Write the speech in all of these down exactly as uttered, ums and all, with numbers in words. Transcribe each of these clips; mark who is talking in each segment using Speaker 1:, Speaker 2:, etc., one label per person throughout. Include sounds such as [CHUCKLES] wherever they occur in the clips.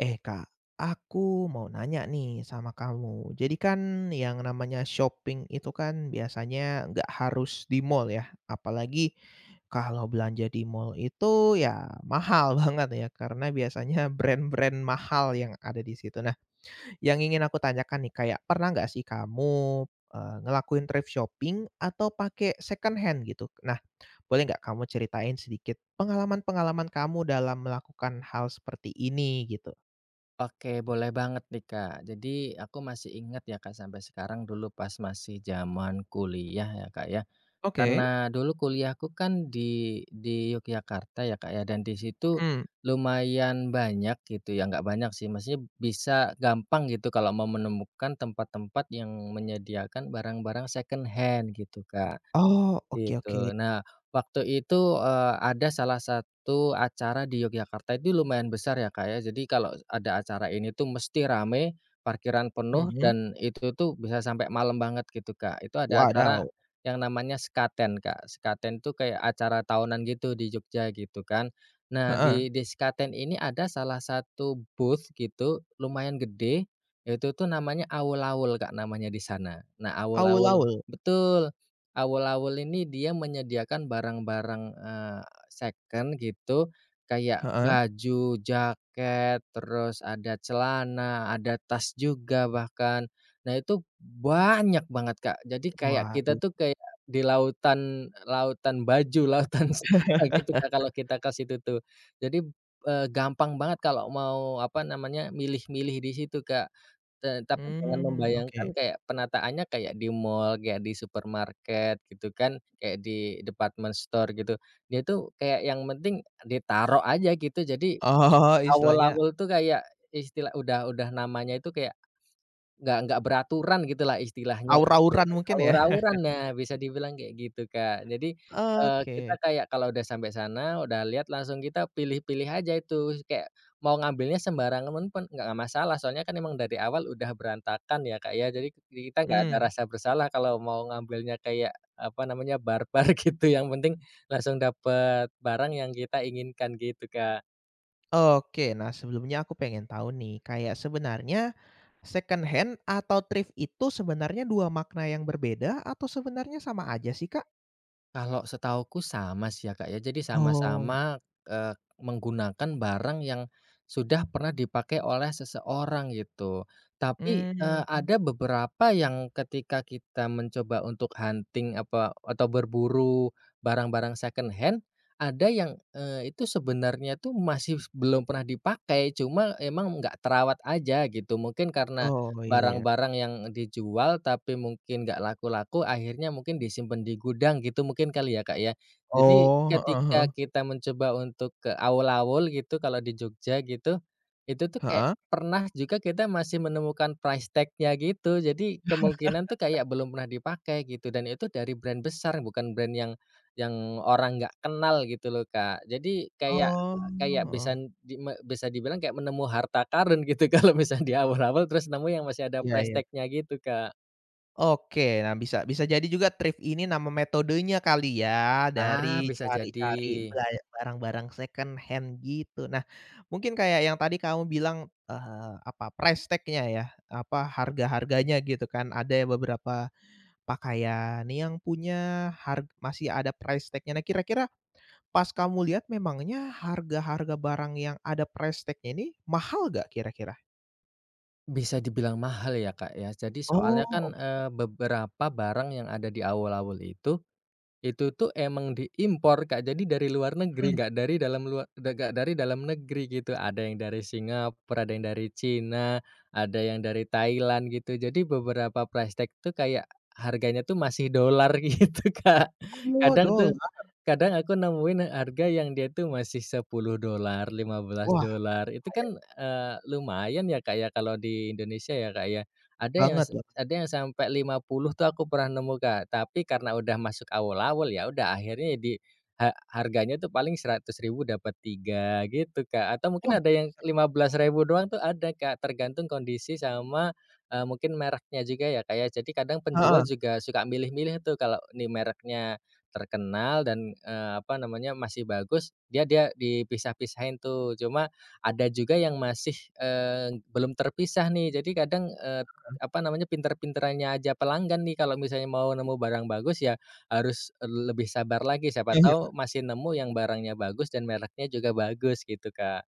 Speaker 1: Eh Kak, aku mau nanya nih sama kamu. Jadi kan yang namanya shopping itu kan biasanya nggak harus di mall ya. Apalagi kalo belanja di mall itu ya mahal banget ya karena biasanya brand-brand mahal yang ada di situ. Nah yang ingin aku tanyakan nih kayak pernah nggak sih kamu, eee, ngelakuin thrift shopping atau pake secondhand gitu? Nah, boleh nggak kamu ceritain sedikit pengalaman-pengalaman kamu dalam melakukan hal seperti ini gitu?
Speaker 2: Oke, boleh banget nih, Kak, jadi aku masih ingat ya, Kak, sampe sekarang dulu pas masih jaman kuliah ya, Kak, ya.
Speaker 1: Oke.
Speaker 2: Karna dulu kuliahku kan di di Yogyakarta ya, Kak, ya, dan di situ
Speaker 1: Mhm.
Speaker 2: lumayan banyak gitu ya nggak banyak sih masih bisa gampang gitu kalau mau menemukan tempat-tempat yang menyediakan barang-barang secondhand gitu, Kak,
Speaker 1: Oh, oke
Speaker 2: itu.
Speaker 1: oke.
Speaker 2: Nah waktu itu, eee, ada salah satu acara di Yogyakarta, ini lumayan besar ya, Kak, ya. Jadi kalo ada acara ini tuh mesti rame, parkiran penuh,
Speaker 1: Mhm.
Speaker 2: dan itu tuh bisa sampe malam banget gitu, Kak. Itu ada acara
Speaker 1: Wadaw!
Speaker 2: yang namanya Sekaten, Kak. Sekaten tuh kayak acara tahunan gitu di Jogja gitu kan. Nah
Speaker 1: Heeh.
Speaker 2: di di Sekaten ini ada salah satu, booth gitu lumayan gede, yaitu tuh namanya awul-awul, Kak, namanya di sana. Nah Awul-awul
Speaker 1: Awul-awul.
Speaker 2: betul, awul-awul ini dia menyediakan barang-barang, eee, second gitu, kayak
Speaker 1: Heeh.
Speaker 2: baju, jaket, terus ada celana, ada tas juga bahkan. Nah itu banyak banget, Kak. Jadi kayak kita
Speaker 1: Waduh.
Speaker 2: tuh kayak di lautan lautan baju, lautan [UNINTELLIGIBLE] gitu Kak, kalo kita
Speaker 1: [LAUGHS]
Speaker 2: ke situ tuh. Jadi, eee, gampang banget kalo mau apa namanya milih-milih di situ, Kak. Tetapi jangan
Speaker 1: Mmm,
Speaker 2: membayangkan
Speaker 1: oke.
Speaker 2: kayak penataannya kayak di mall, kayak di supermarket gitu kan, kayak di department store gitu. Dia tuh kayak yang penting ditaro aja gitu. Jadi,
Speaker 1: Oh, istilahnya
Speaker 2: Awul-awul tuh kayak istilah udah udah namanya itu kayak nggak nggak beraturan gitulah istilahnya gitu.
Speaker 1: Awur-awuran mungkin ya?
Speaker 2: Awur-awuran, nah bisa
Speaker 1: [CHUCKLES]
Speaker 2: dibilang kek gitu, Kak. Jadi, eee, kita
Speaker 1: Oke.
Speaker 2: kayak kalo udah sampe sana udah lihat langsung kita pilih-pilih aja itu. Kayak mau ngambilnya sembarangan pun nggak masalah. Soalnya kan emang dari awal udah berantakan ya, Kak, ya. Jadi kita nggak ada
Speaker 1: Mmm.
Speaker 2: rasa bersalah kalau mau ngambilnya kayak apa namanya barbar [LAUGHS] gitu yang penting langsung dapat barang yang kita inginkan gitu, Kak.
Speaker 1: Oke. Nah sebelumnya aku pengen tau nih. Kayak sebenarnya secondhand atau thrift itu sebenernya dua makna yang berbeda atau sebenernya sama aja sih, Kak?
Speaker 2: Kalo setauku sama sih ya, Kak, ya. Jadi
Speaker 1: Oh.
Speaker 2: sama-sama, eee, menggunakan barang yang sudah pernah dipake oleh seseorang itu. Tapi, eee,
Speaker 1: Mmm.
Speaker 2: ada beberapa yang ketika kita mencoba untuk hunting apa atau berburu barang-barang secondhand, ada yang, eee, itu sebenarnya tuh masih belum pernah dipakai, cuma emang nggak terawat aja gitu. Mungkin karna
Speaker 1: Oh, iya ya.
Speaker 2: barang-barang yang dijual tapi mungkin nggak laku-laku, akhirnya mungkin disimpen di gudang gitu mungkin kali ya, Kak, ya. Jadi
Speaker 1: Oh, heeh
Speaker 2: ketika
Speaker 1: heeh.
Speaker 2: kita mencoba untuk ke awul-awul gitu kalo di Jogja gitu, itu tuh kayak
Speaker 1: Heeh.
Speaker 2: pernah juga kita masih menemukan price tag-nya gitu. Jadi kemungkinan tuh
Speaker 1: [LAUGHS]
Speaker 2: kayak belum pernah dipake gitu, dan itu dari brand besar bukan brand yang yang orang nggak kenal gitu loh, Kak. Jadi kayak
Speaker 1: Oh,
Speaker 2: kayak
Speaker 1: heeh.
Speaker 2: bisan di me bisa dibilang kayak nemu harta karun gitu kalo misalnya di Awul-awul, terus nemu yang masih ada
Speaker 1: Iya
Speaker 2: price
Speaker 1: iya.
Speaker 2: tag-nya gitu, Kak.
Speaker 1: Oke, nah bisa bisa jadi juga thrift ini nama metodenya kali ya,
Speaker 2: Ah
Speaker 1: dari
Speaker 2: bisa
Speaker 1: cari-cari
Speaker 2: jadi.
Speaker 1: ba barang-barang second hand gitu. Nah mungkin kayak yang tadi kamu bilang eee, apa price tag-nya ya, apa harga-harganya gitu kan, ada ya beberapa pakaian nih yang punya har masih ada price tag-nya, Nah kira-kira pas kamu lihat memangnya harga-harga barang yang ada price tag-nya ini mahal enggak kira-kira?
Speaker 2: Bisa dibilang mahal ya Kak ya. Jadi
Speaker 1: Oh,
Speaker 2: soalnya kan
Speaker 1: oke.
Speaker 2: eee, beberapa barang yang ada di awul-awul itu, itu tuh emang di import, Kak. Jadi dari luar negeri,
Speaker 1: Mhm.
Speaker 2: enggak dari dalam lua enggak dari dalam negeri gitu. Ada yang dari Singapura, ada yang dari China, ada yang dari Thailand gitu. Jadi beberapa price tag tuh kayak harganya tuh masih dollar gitu, Kak.
Speaker 1: Oh,
Speaker 2: Kadang tuh,
Speaker 1: dollar.
Speaker 2: kadang aku nemuin harga yang dia tuh masih sepuluh dollar, lima belas
Speaker 1: Wah
Speaker 2: dollar itu
Speaker 1: payet.
Speaker 2: kan eee, lumayan ya Kak ya kalau di Indonesia ya Kak ya. Ada yang
Speaker 1: Banget
Speaker 2: se
Speaker 1: loh.
Speaker 2: ada yang sampe lima puluh tuh aku pernah nemu Kak, tapi karena udah masuk awul-awul ya udah akhirnya di eee, harganya tuh paling seratus ribu dapet tiga gitu, Kak. Atau
Speaker 1: Oh
Speaker 2: mungkin ada yang
Speaker 1: ser.
Speaker 2: lima belas ribu doang tuh ada Kak, tergantung kondisi sama eee, mungkin mereknya juga ya, Kak ya. Jadi kadang penjual
Speaker 1: Heeh.
Speaker 2: juga suka milih-milih tuh kalau nih mereknya terkenal dan eee, apa namanya masih bagus, ya dia dipisah-pisahin tuh. Cuma ada juga yang masih eee, belum terpisah nih, Jadi kadang eee,
Speaker 1: Heeh.
Speaker 2: apa namanya pinter-pinterannya aja pelanggan nih, kalau misalnya mau nemu barang bagus ya harus lebih sabar lagi, siapa
Speaker 1: Ya ya.
Speaker 2: tahu masih nemu yang barangnya bagus dan mereknya juga bagus, gitu, Kak.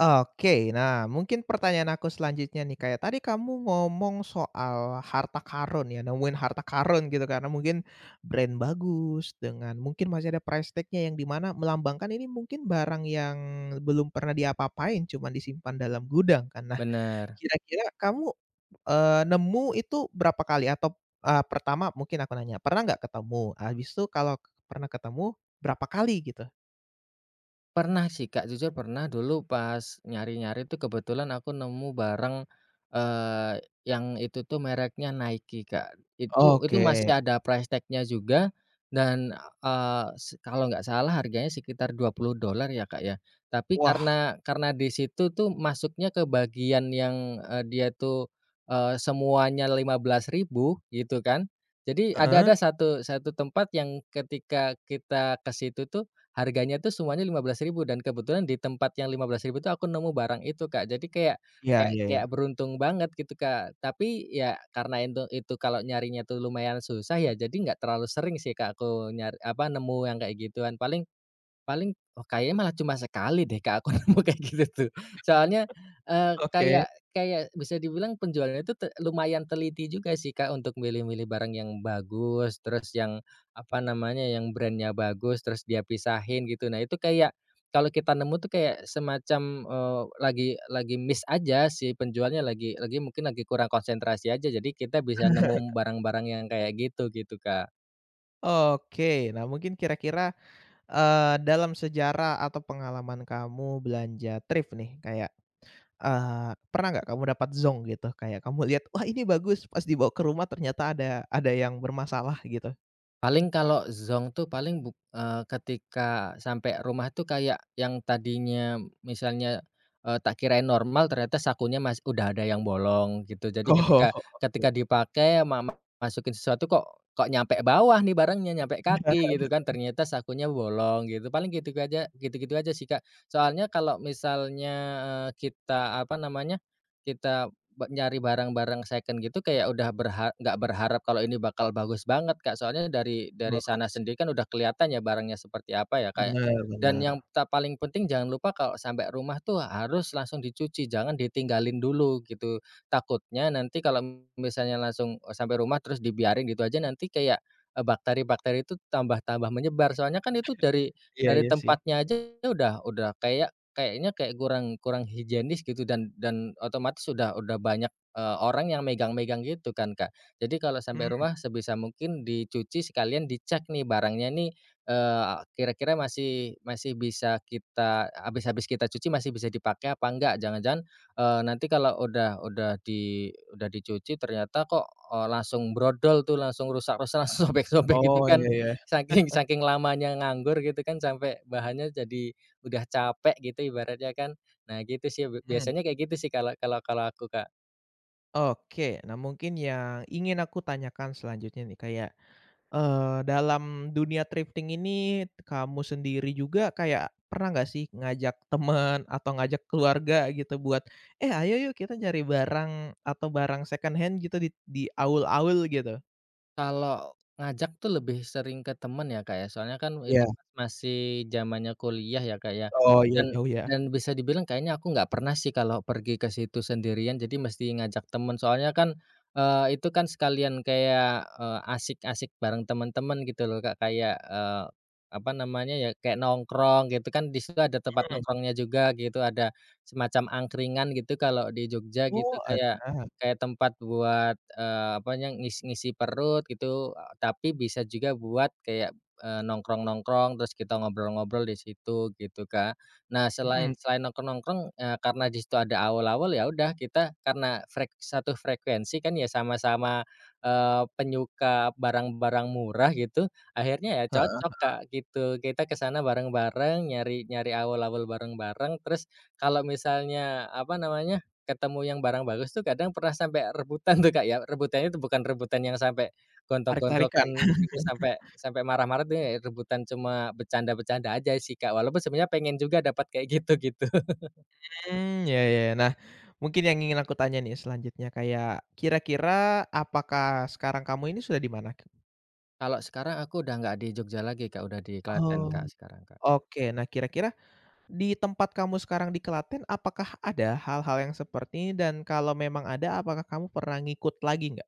Speaker 1: Oke, nah mungkin pertanyaan aku selanjutnya nih Kak ya, tadi kamu ngomong soal harta karun ya, nemuin harta karun gitu karna mungkin brand bagus dengan mungkin masih ada price tag-nya yang dimana melambangkan ini mungkin barang yang belum pernah di apa-apain, cuman disimpan dalam gudang kan. Nah
Speaker 2: Bener.
Speaker 1: kira-kira kamu eee, nemu itu berapa kali atau eee, pertama mungkin aku nanya, pernah enggak ketemu, habis tuh kalo pernah ketemu berapa kali gitu?
Speaker 2: Pernah sih Kak, jujur pernah dulu pas nyari-nyari tuh kebetulan aku nemu bareng eee, yang itu tuh mereknya Nike, Kak. Itu itu
Speaker 1: Oke.
Speaker 2: masih ada price tag-nya juga dan eee, se kalau enggak salah harganya sekitar dua puluh dollar ya Kak ya. Tapi
Speaker 1: Wah.
Speaker 2: karena karena di situ tuh masuknya ke bagian yang eee, dia tuh eee, semuanya lima belas ribu gitu kan. Jadi ada ada
Speaker 1: Heeh.
Speaker 2: satu satu tempat yang ketika kita ke situ tuh harganya tuh semuanya lima belas ribu dan kebetulan di tempat yang lima belas ribu tuh aku nemu barang itu Kak. Jadi kayak,
Speaker 1: Ya,
Speaker 2: kayak
Speaker 1: ya
Speaker 2: kayak
Speaker 1: ya.
Speaker 2: beruntung banget gitu Kak. Tapi ya karena intu itu kalo nyarinya tuh lumayan susah ya jadi enggak terlalu sering sih Kak aku nyar, apa nemu yang kayak gituan. Paling paling kayaknya malah cuma sekali deh Kak aku nemu kayak gitu tuh. Soalnya
Speaker 1: [LAUGHS]
Speaker 2: eee,
Speaker 1: Oke.
Speaker 2: kayak kayak bisa dibilang penjualannya tuh te lumayan teliti juga sih Kak untuk milih-milih barang yang bagus, terus yang apa namanya yang brand-nya bagus, terus dia pisahin gitu. Nah itu kayak kalau kita nemu tuh kayak semacam, eee, lagi lagi missed aja si penjualnya lagi lagi mungkin lagi kurang konsentrasi aja. Jadi kita bisa nemu
Speaker 1: [LAUGHS]
Speaker 2: barang-barang yang kayak gitu, gitu Kak.
Speaker 1: Oke. Nah mungkin kira-kira eee, dalam sejarah atau pengalaman kamu belanja thrift nih kayak eee, pernah enggak kamu dapat zonk gitu, kayak kamu lihat, wah ini bagus, pas dibawa ke rumah ternyata ada ada yang bermasalah gitu?
Speaker 2: Paling kalo zonk tuh paling buk eee, ketika sampe rumah tuh kayak yang tadinya misalnya eee, tak kirain normal ternyata sakunya masih udah ada yang bolong gitu. Jadi
Speaker 1: [LAUGHS]
Speaker 2: ketika
Speaker 1: Oke.
Speaker 2: ketika dipake ama ma masukin sesuatu kok kok nyampe bawah nih barangnya nyampe kaki, gitu kan.
Speaker 1: [LAUGHS]
Speaker 2: Ternyata sakunya bolong gitu. Paling gitu aja, gitu-gitu aja sih Kak. Soalnya, kalo misalnya eee, kita apa namanya, kita nyari barang-barang second gitu kayak udah berha enggak berharap kalo ini bakal bagus banget Kak, soalnya dari dari
Speaker 1: Oh, iya
Speaker 2: sana sendiri
Speaker 1: sih.
Speaker 2: kan udah kelihatan ya barangnya seperti apa ya Kak ya
Speaker 1: Bener,
Speaker 2: dan
Speaker 1: bener.
Speaker 2: yang ta paling penting jangan lupa kalo sampe rumah tuh harus langsung dicuci jangan ditinggalin dulu gitu, takutnya nanti kalo misalnya langsung eee, sampe rumah terus dibiarin gitu aja nanti kayak eee, bakteri-bakteri itu tambah tambah menyebar soalnya kan itu dari
Speaker 1: [CHUCKLES] Ya,
Speaker 2: dari
Speaker 1: ya sih.
Speaker 2: tempatnya aja udah udah kayak, kayaknya kayak kurang, kurang higienis gitu dan dan otomatis udah udah banyak eee, orang yang megang-megang gitu kan, Kak. Jadi kalo sampe
Speaker 1: Mmm.
Speaker 2: rumah, sebisa mungkin dicuci sekalian dicek nih barangnya nih eee, kira-kira masih masih bisa kita habis habis kita cuci masih bisa dipake apa enggak, jangan-jangan eee, nanti kalo udah udah di udah dicuci ternyata kok eee, langsung brodol tuh langsung rusak-rusak, langsung sobek-sobek gitu
Speaker 1: Oh,
Speaker 2: kan.
Speaker 1: ya ya.
Speaker 2: Saking
Speaker 1: [LAUGHS]
Speaker 2: saking lamanya nganggur gitu kan, sampe bahannya jadi udah capek gitu, ibaratnya kan. Nah gitu sih,
Speaker 1: Mhm.
Speaker 2: biasanya kayak gitu sih kalau kalau kalau aku, Kak.
Speaker 1: Oke, nah mungkin yang ingin aku tanyakan selanjutnya nih, kayak eee, dalam dunia thrifting ini kamu sendiri juga kayak pernah enggak sih ngajak temen atau ngajak keluarga gitu buat, eh ayo yuk kita nyari barang atau barang second hand gitu di di awul-awul gitu?
Speaker 2: Kalo ngajak tuh lebih sering ke temen ya Kak ya, soalnya kan itu
Speaker 1: Ya.
Speaker 2: pas masih jamannya kuliah ya Kak ya,
Speaker 1: Oh ya,
Speaker 2: dan
Speaker 1: jauh ya.
Speaker 2: dan bisa dibilang kayaknya aku nggak pernah sih kalo pergi ke situ sendirian jadi mesti ngajak temen soalnya kan eee, itu kan itu kan sekalian kayak eee, asyik-asyik bareng temen-temen gitu loh Kak kayak eee, apa namanya ya kayak nongkrong gitu kan di situ ada tempat
Speaker 1: Mmm.
Speaker 2: nongkrongnya juga gitu. Ada semacam angkringan gitu, kalo di Jogja gitu.
Speaker 1: Oh
Speaker 2: Kayak
Speaker 1: ada.
Speaker 2: kayak tempat buat eee, apa yang ngisi-ngisi perut gitu. Eee, tapi bisa juga buat kayak eee, nongkrong-nongkrong, terus kita ngobrol-ngobrol di situ gitu, Kak. Nah
Speaker 1: Mhm.
Speaker 2: selain selain nongkrong-nongkrong eee, karena di situ ada awul-awul, ya udah kita karena frek satu frekuensi kan ya sama-sama eee, penyuka barang-barang murah gitu, akhirnya ya
Speaker 1: Heeh,
Speaker 2: cocok Kak
Speaker 1: heeh.
Speaker 2: gitu. Kita kesana bareng-bareng, nyari nyari awul-awul bareng-bareng. Terus kalo misalnya apa namanya, ketemu yang barang bagus tuh kadang pernah sampe rebutan tuh Kak ya. Rebutan tuh bukan rebutan yang sampe
Speaker 1: Tarik-tarikan.
Speaker 2: gontok-gontokan gitu, sampe
Speaker 1: [LAUGHS]
Speaker 2: sampe marah-marah tuh ya rebutan cuma becanda-becanda aja sih, Kak. Walaupun sebenernya pengen juga dapet kayak gitu, gitu. [LAUGHS]
Speaker 1: Mhm ya, ya, ya. Nah mungkin yang ingin aku tanya nih selanjutnya kayak, kira-kira apakah sekarang kamu ini sudah di mana?
Speaker 2: Kalau sekarang aku udah nggak di Jogja lagi, Kak, udah di Klaten, Kak,
Speaker 1: Oh,
Speaker 2: sekarang, Kak.
Speaker 1: oke nah kira-kira, di tempat kamu sekarang di Klaten, apakah ada hal-hal yang seperti ini? Dan kalau memang ada, apakah kamu pernah ngikut lagi gak?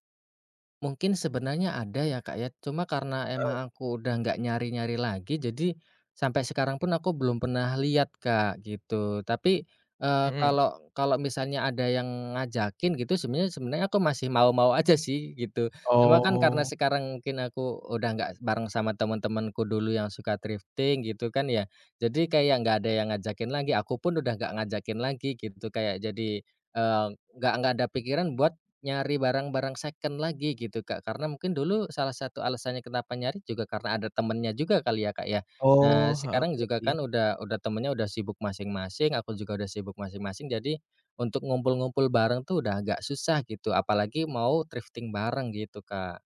Speaker 2: Mungkin sebenarnya ada ya, Kak, ya, cuma karena
Speaker 1: Oh.
Speaker 2: emang aku udah nggak nyari-nyari lagi, jadi sampai sekarang pun aku belum pernah lihat, Kak, gitu. Tapi, eee,
Speaker 1: Mhm.
Speaker 2: kalau kalau misalnya ada yang ngajakin gitu sebenarnya sebenarnya aku masih mau-mau aja sih gitu. Cuma kan karena
Speaker 1: Oh.
Speaker 2: sekarang mungkin aku udah nggak bareng sama teman-temanku dulu yang suka thrifting gitu kan ya. Jadi kayak nggak ada yang ngajakin lagi, aku pun udah nggak ngajakin lagi gitu. Kayak jadi, eee, nggak nggak ada pikiran buat nyari barang-barang second lagi gitu, Kak. Karena mungkin dulu salah satu alasannya kenapa nyari juga, karena ada temennya juga kali ya, Kak, ya. Nah
Speaker 1: Oh, heeh,
Speaker 2: sekarang
Speaker 1: iya
Speaker 2: juga
Speaker 1: sih.
Speaker 2: kan udah udah temennya udah sibuk masing-masing, aku juga udah sibuk masing-masing, jadi untuk ngumpul-ngumpul bareng tuh udah agak susah gitu, apalagi mau thrifting bareng gitu, Kak.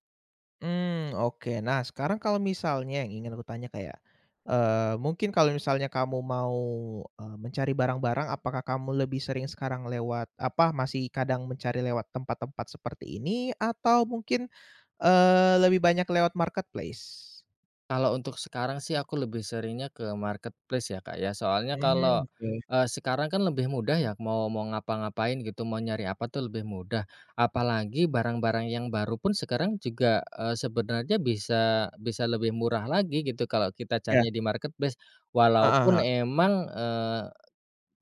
Speaker 1: Mmm oke, nah sekarang kalau misalnya yang ingin aku tanya kayak, eee, mungkin kalau misalnya kamu mau, eee, mencari barang-barang, apakah kamu lebih sering sekarang lewat apa, masih kadang mencari lewat tempat-tempat seperti ini? Atau mungkin, eee, lebih banyak lewat marketplace?
Speaker 2: Kalau untuk sekarang sih aku lebih seringnya ke marketplace ya, Kak, ya. Soalnya kalau,
Speaker 1: Mmm, oke.
Speaker 2: eee, sekarang kan lebih mudah ya mau mau ngapan-gapain gitu, mau nyari apa tuh lebih mudah, apalagi barang-barang yang baru pun sekarang juga, eee, sebenarnya bisa bisa lebih murah lagi gitu kalau kita
Speaker 1: Iya.
Speaker 2: carinya di marketplace.
Speaker 1: Heeh
Speaker 2: Walaupun
Speaker 1: heeh.
Speaker 2: emang, eee,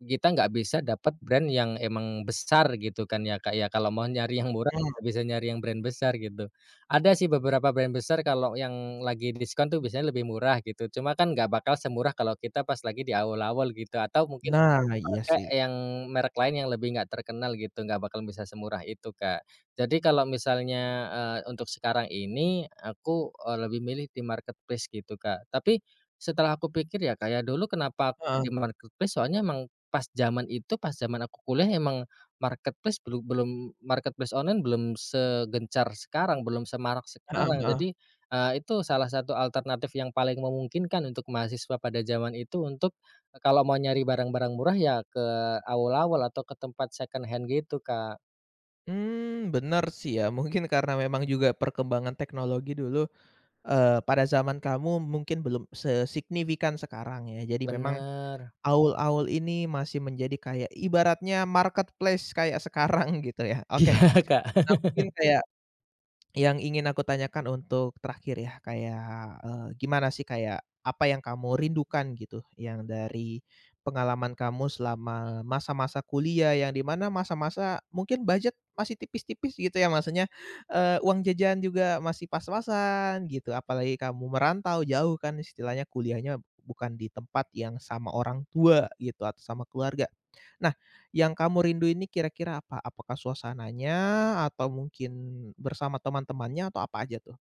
Speaker 2: kita nggak bisa dapat brand yang emang besar gitu kan ya, Kak, ya, kalau mau nyari yang murah,
Speaker 1: Mmm.
Speaker 2: nggak bisa nyari yang brand besar gitu. Ada sih beberapa brand besar kalau yang lagi diskon tuh biasanya lebih murah gitu, cuma kan nggak bakal semurah kalau kita pas lagi di awul-awul gitu, atau mungkin
Speaker 1: Nah, iya
Speaker 2: pakai
Speaker 1: sih.
Speaker 2: yang merek lain yang lebih nggak terkenal gitu, nggak bakal bisa semurah itu, Kak. Jadi kalau misalnya, eee, untuk sekarang ini aku, eee, lebih milih di marketplace gitu, Kak. Tapi, setelah aku pikir ya, Kak, ya, dulu, "Kenapa
Speaker 1: Heeh.
Speaker 2: di marketplace?" Soalnya emang pas zaman itu pas zaman aku kuliah emang marketplace belu belum marketplace online belum segencar sekarang, belum semarak
Speaker 1: Heeh
Speaker 2: sekarang.
Speaker 1: heeh.
Speaker 2: Jadi, eee, itu salah satu alternatif yang paling memungkinkan untuk mahasiswa pada zaman itu, untuk, eee, kalau mau nyari barang-barang murah ya ke awul-awul atau ke tempat secondhand gitu, Kak.
Speaker 1: Mmm, bener sih ya, mungkin karena memang juga perkembangan teknologi dulu, eee, pada zaman kamu mungkin belum sesignifikan sekarang ya. Jadi memang,
Speaker 2: Bener.
Speaker 1: awul-awul ini masih menjadi kayak ibaratnya marketplace kayak sekarang gitu ya, oke.
Speaker 2: Iya, Kak.
Speaker 1: Nah mungkin
Speaker 2: [LAUGHS]
Speaker 1: kayak, yang ingin aku tanyakan untuk terakhir ya, kayak, eee, gimana sih kayak apa yang kamu rindukan gitu? Yang dari pengalaman kamu selama masa-masa kuliah yang di mana masa-masa mungkin budget masih tipis-tipis gitu ya, maksudnya, eee, uang jajan juga masih pas-pasan gitu, apalagi kamu merantau jauh kan istilahnya, kuliahnya bukan di tempat yang sama orang tua gitu atau sama keluarga. Nah yang kamu rindu ini kira-kira apa? Apakah suasananya atau mungkin bersama teman-temannya atau apa aja tuh?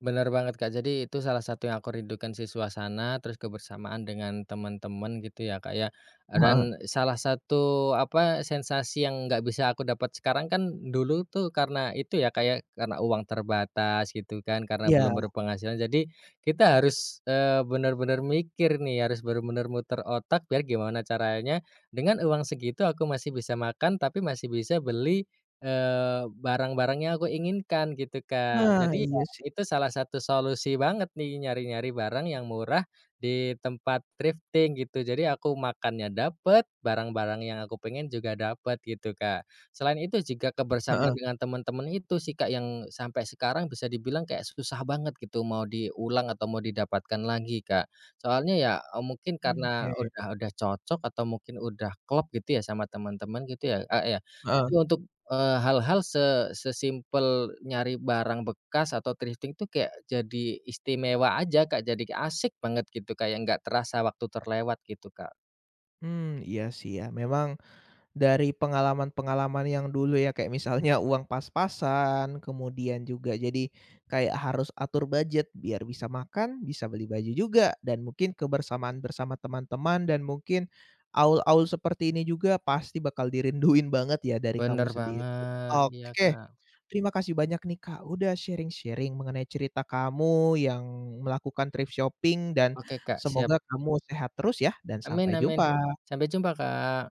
Speaker 2: Bener banget, Kak, jadi itu salah satu yang aku rindukan sih, suasana terus kebersamaan dengan temen-temen gitu ya, Kak, ya. Eee,
Speaker 1: Heeh.
Speaker 2: dan salah satu apa, sensasi yang nggak bisa aku dapat sekarang kan, dulu tuh karena itu ya, Kak, ya, karena uang terbatas gitu kan, karena
Speaker 1: Iya.
Speaker 2: belum berpenghasilan. Jadi, kita harus, eee, bener-bener mikir nih, harus bener-bener muter otak, biar gimana caranya dengan uang segitu aku masih bisa makan tapi masih bisa beli, eee, barang-barang yang aku inginkan gitu, Kak.
Speaker 1: Nah
Speaker 2: Jadi ya,
Speaker 1: iya sih.
Speaker 2: itu salah satu solusi banget nih, nyari-nyari barang yang murah di tempat thrifting gitu, jadi aku makannya dapet, barang-barang yang aku pengen juga dapet gitu, Kak. Selain itu jika kebersamaan
Speaker 1: Heeh.
Speaker 2: dengan temen-temen itu sih, Kak, yang sampai sekarang bisa dibilang kayak susah banget gitu, mau diulang atau mau didapatkan lagi, Kak. Soalnya ya, eee, mungkin
Speaker 1: Mmm,
Speaker 2: karena
Speaker 1: iya iya.
Speaker 2: udah udah cocok atau mungkin udah klop gitu ya sama teman-teman gitu ya, Kak, ya.
Speaker 1: Heeh.
Speaker 2: Jadi untuk, eee, hal-hal se se-simple nyari barang bekas atau thrifting tuh kayak jadi istimewa aja, Kak, jadi asik banget gitu kayak nggak terasa waktu terlewat gitu, Kak.
Speaker 1: Mmm, iya sih ya. Memang, dari pengalaman-pengalaman yang dulu ya, kayak misalnya uang pas-pasan, kemudian juga jadi kayak harus atur budget biar bisa makan, bisa beli baju juga, dan mungkin kebersamaan bersama teman-teman dan mungkin awul-awul seperti ini juga pasti bakal dirinduin banget ya dari kamu
Speaker 2: Bener
Speaker 1: sendiri.
Speaker 2: banget, iya,
Speaker 1: Oke,
Speaker 2: Kak.
Speaker 1: terima kasih banyak nih, Kak, sudah sharing-sharing mengenai cerita kamu yang melakukan thrift shopping, dan
Speaker 2: Oke, Kak, siap.
Speaker 1: semoga kamu sehat terus ya, dan
Speaker 2: Amin
Speaker 1: sampai
Speaker 2: amin,
Speaker 1: jumpa!
Speaker 2: sampai jumpa Kak!